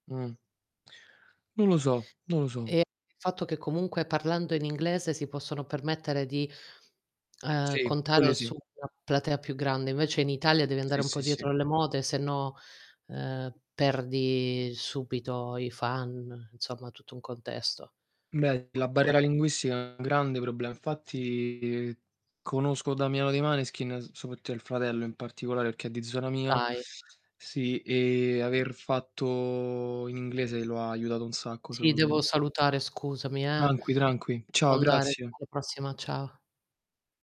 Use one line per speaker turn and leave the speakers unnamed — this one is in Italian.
Mh. Non lo so, non lo so.
E il fatto che comunque parlando in inglese, si possono permettere di, uhm,
Sì,
contare
quello
su
sì.
una platea più grande, invece in Italia devi andare
Sì,
un po'
sì,
dietro
sì.
le mode se no, uhm, perdi subito i fan, insomma tutto un contesto.
Beh, la
Comunque
barriera linguistica è un grande problem infatti conosco Damiano dei Maneskin, soprattutto il fratello, in particolare perché è di zona mia.
Dai.
Sì e aver fatto in inglese lo aiutato un sacco
Ti
secondo m
devo salutare scusami eh,
Tranqui, tranqui,
devo
ciao,
andare
grazie.
alla prossima, ciao.